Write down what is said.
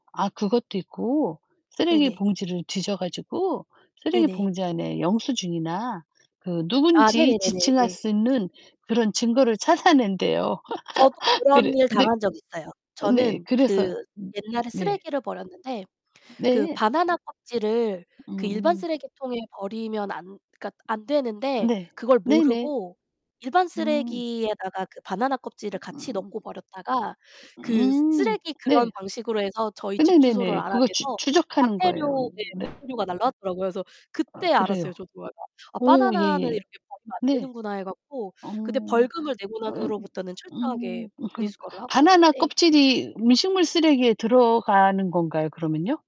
아 그것도 있고 쓰레기 네네. 봉지를 뒤져 가지고 쓰레기 네네. 봉지 안에 영수증이나 그 아 누군지 네네네네. 지칭할 네. 수 있는 그런 증거를 찾아낸대요. 저도 그런 그래 일 네. 당한 적 있어요. 네. 저는 그 그래서 옛날에 네. 쓰레기를 버렸는데 그 네. 바나나 껍질을 그 일반 음. 쓰레기통에 버리면 안 그러니까 안 되는데 네. 그걸 네네. 모르고 일반 음. 쓰레기에다가 그 바나나 으 껍질을 같이 음. 넣고 버렸다가 으 그 음 쓰레기 그런 네. 방식으로 해서 저희 집 주소를 네네네네. 그거 추 알아내서 추적하는 거예요. 과태료 네 네. 과태료가 날라왔더라고요. 그래서 아 그때 알았어요, 그래요. 저도. '아 오 바나나는 예예. 이렇게 버리면 안 네. 되는구나.' 해 갖고 어 그때 벌금을 내고 난 어 후로부터는 음 철저하게 그러니까 분리수거를 하고 바나나 있는데 껍질이 음식물 쓰레기에 들어가는 건가요, 그러면요?